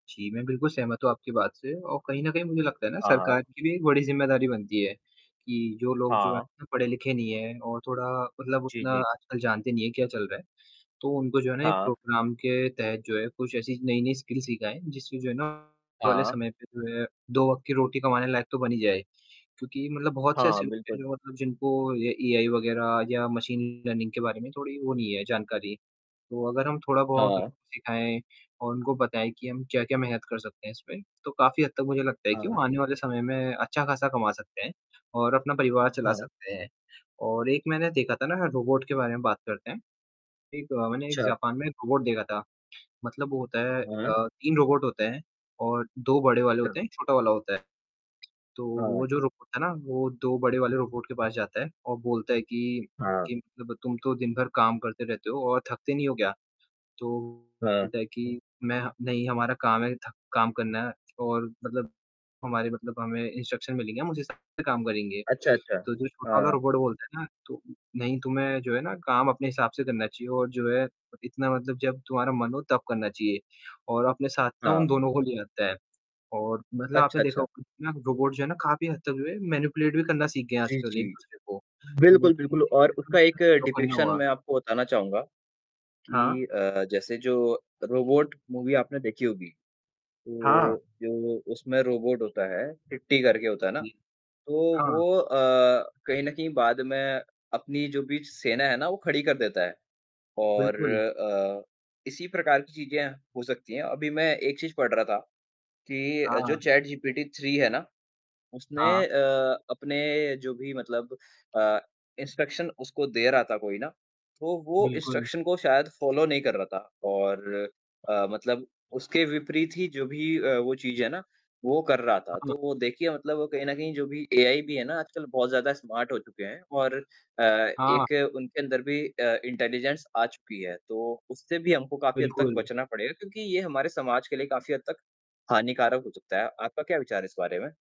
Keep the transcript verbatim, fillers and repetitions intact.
जी, मैं बिल्कुल सहमत हूँ आपकी बात से और कहीं न कहीं मुझे लगता है ना हाँ, हाँ। सरकार की भी एक बड़ी ज़िम्मेदारी बनती है कि जो लोग जो हाँ। है पढ़े-लिखे नहीं हैं और थोड़ा मतलब जी, उतना जी। आजकल जानते नहीं हैं क्या चल रहा है। तो उनको जो है ना एक हाँ। प्रोग्राम के तहत जो है कुछ ऐसी नई-नई स्किल्स सिखाएँ। जिससे जो है ना वाले हाँ। समय पे जो है दो वक़्त की रोटी कमाने लायक तो बन ही जाए। क्योंकि मतलब बहुत से हाँ, ऐसे लोग हैं बिल्कुल। जो मतलब जिनको ये एआई वगैरह या मशीन लर्निंग के बारे में थोड़ी वो नहीं है जानकारी। तो अगर हम थोड़ा-बहुत उनको हाँ। सिखाएँ और उनको बताएँ कि हम क्या-क्या मेहनत कर सकते हैं इसमें। तो काफ़ी हद तक मुझे लगता है कि वो हाँ। आने वाले समय में अच्छा खासा कमा सकते हैं और अपना परिवार चला हाँ। सकते हैं। और एक मैंने देखा था ना रोबोट के बारे में बात करते हैं। एक अ, मैंने एक अच्छा। जापान में एक रोबोट देखा था। मतलब वो होता है हाँ। अ, तीन रोबोट होते हैं और दो बड़े वाले अच्छा। होते हैं, एक छोटा वाला होता है। तो हाँ। वो जो रोबोट है ना, वो दो बड़े वाले रोबोट के पास जाता है और बोलता है कि हाँ। कि मतलब तुम तो दिनभर काम करते रहते हो और थकते नहीं हो क्या? तो वो हाँ। बोलता है कि मैं नहीं हमारा काम है थका काम करना है और मतलब हमारे मतलब हमें इंस्ट्रक्शंस मिलेंगे। हम उस हिसाब से काम करेंगे। अच्छा, अच्छा। तो जो छोटा वाला हाँ। रोबोट बोलते है ना, तो नहीं, तुम्हे जो है ना काम अपने हिसाब से करना चाहिए और जो है इतना मतलब जब तुम्हारा मन हो तब करना चाहिए और अपने साथ ना उन हाँ। दोनों को ले आता है। और मतलब आपने अच्छा, देखा अच्छा। होगा रोबोट जो है ना काफ़ी हद तक जो है मैनिपुलेट भी करना सीख गए हैं जी, आजकल जी। एक-दूसरे को। तो वो बिल्कुल, बिल्कुल और उसका एक तो [unintelligible] करना डिपिक्शन हुआ। मैं आपको बताना चाहूँगा हाँ। कि अ, जैसे जो रोबोट मूवी आपने देखी होगी। हाँ। वो जो उसमें रोबोट होता है, चिट्टी करके होता है ना जी, तो हाँ। वो अ, कहीं न कहीं बाद में अपनी जो भी सेना है ना वो खड़ी कर देता है। और बिल्कुल। अ, इसी प्रकार की चीज़े हो सकती है, अभी मैं एक चीज़ पढ़ रहा था कि जो हाँ। चैट जीपीटी थ्री है ना। उसने हाँ। अ, अपने जो भी मतलब अ, इंस्ट्रक्शन उसको दे रहा था कोई ना। तो वो बिल्कुल। इंस्ट्रक्शन को शायद फॉलो नहीं कर रहा था। और अ, मतलब उसके विपरीत ही जो भी अ, वो चीज़ है ना वो कर रहा था। हाँ। तो वो देखिए मतलब वो कहीं न कहीं जो भी एआई भी है ना आजकल बहुत ज़्यादा स्मार्ट हो चुके हैं। और अ, हाँ। एक उनके अंदर भी अ, इंटेलिजेंस आ चुकी है तो उससे भी हमको काफ़ी हद तक बिल्कुल। बचना पड़ेगा। क्योंकि ये हमारे समाज के लिए काफ़ी हद तक हानिकारक हो सकता है। आपका क्या विचार है इस बारे में?